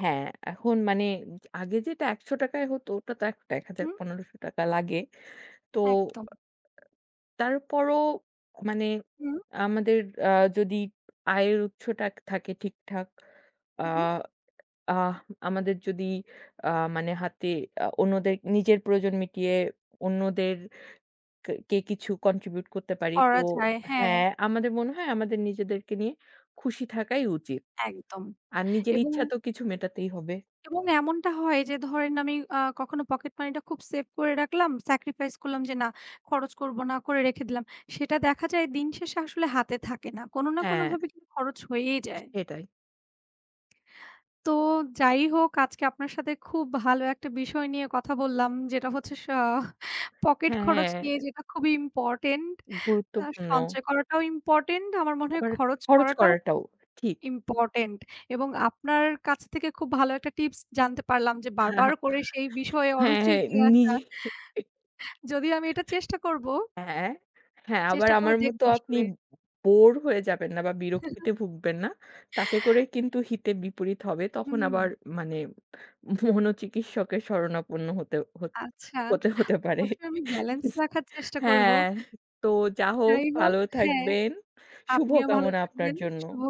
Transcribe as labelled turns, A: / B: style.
A: হ্যাঁ, এখন মানে উমজ আগে যেটা ৳১০০ য় হতো ওটা তো এখ এক হাজার,
B: হুম।
A: পনেরোশ টাকা লাগে। তো ও
B: একদম।
A: আ আ তারপরও আ মানে
B: হুম।
A: আমাদের আ যদি আয়ের উৎসটা থাকে ঠিকঠাক, আ
B: হুম।
A: আহম আমাদের যদি আ মানে হাতে আ অন্যদের নিজের প্রয়োজন মিটিয়ে অন্যদের কা কে কিছু contribute করতে পারি। তো
B: করা যায়, হ্যাঁ।
A: হ্যাঁ, আমাদের মনে হয় আমাদের নিজেদেরকে নিয়ে খুশি থাকাই উচিত।
B: একদম,
A: আর নিজের
B: এবং
A: ইচ্ছা তো কিছু মেটাতেই হবে।
B: এবং এমনটা হয় যে ধরেন, আমি আ কখনো পকেট মানিটা খুব সেভ করে রাখলাম। স্যাক্রিফাইস করলাম যে, "না! খরচ করবো না, করে রেখে দিলাম।" সেটা দেখা যায় দিন শেষে আসলে হাতে থাকে না। কোন না কোন
A: হ্যাঁ।
B: ভাবে কিন্তু খরচ হয়েই যায়।
A: সেটাই।
B: তো যাই হোক আজকে আপনার সাথে খুব ভালো একটা বিষয় নিয়ে কথা বললাম। যেটা হচ্ছে স পকেট
A: হ্যাঁ,
B: খরচ
A: হ্যাঁ।
B: নিয়ে যেটা খুবই ইম্পোর্টেন্ট। আ
A: গুরুত্বপূর্ণ।
B: সঞ্চয় করাটাও ইম্পোর্টেন্ট, আমার মনে হয়
A: আবার
B: খরচ
A: খরচ
B: করাটাও
A: করাটাও
B: [unintelligible]
A: ঠিক।
B: ইম্পোর্টেন্ট এবং আপনার কাছ থেকে খুব ভালো একটা টিপস জানতে পারলাম যে, "বারবার করে সেই বিষয়ে
A: হ্যাঁ,
B: অরুচি
A: হ্যাঁ
B: নিয়ে আসা।"
A: নিজে
B: যদি আমি এটা চেষ্টা করবো
A: হ্যাঁ? হ্যাঁ
B: চেষ্টা
A: আমার
B: করে
A: মত
B: দেখবো
A: আপনি
B: আসলে।
A: বো বোর হয়ে যাবেন না বা, বিরক্তিতে ভুগবেন না। তাতে করে কিন্তু হিতে বিপরীত হবে। তখন আবার
B: হুম।
A: মানে মনোচিকিৎসকের শরণাপন্ন হতে হত
B: আচ্ছা,
A: হতে হতে পারে।
B: অবশ্যই আমি ব্যালেন্স রাখার চেষ্টা করবো।
A: হ্যাঁ তো যা হো
B: যাই হোক
A: ভালো
B: হ্যাঁ,
A: থাকবেন। শুভ
B: আপনিও ভালো
A: কামনা আপনার
B: থাকবেন।
A: জন্য।
B: শুভ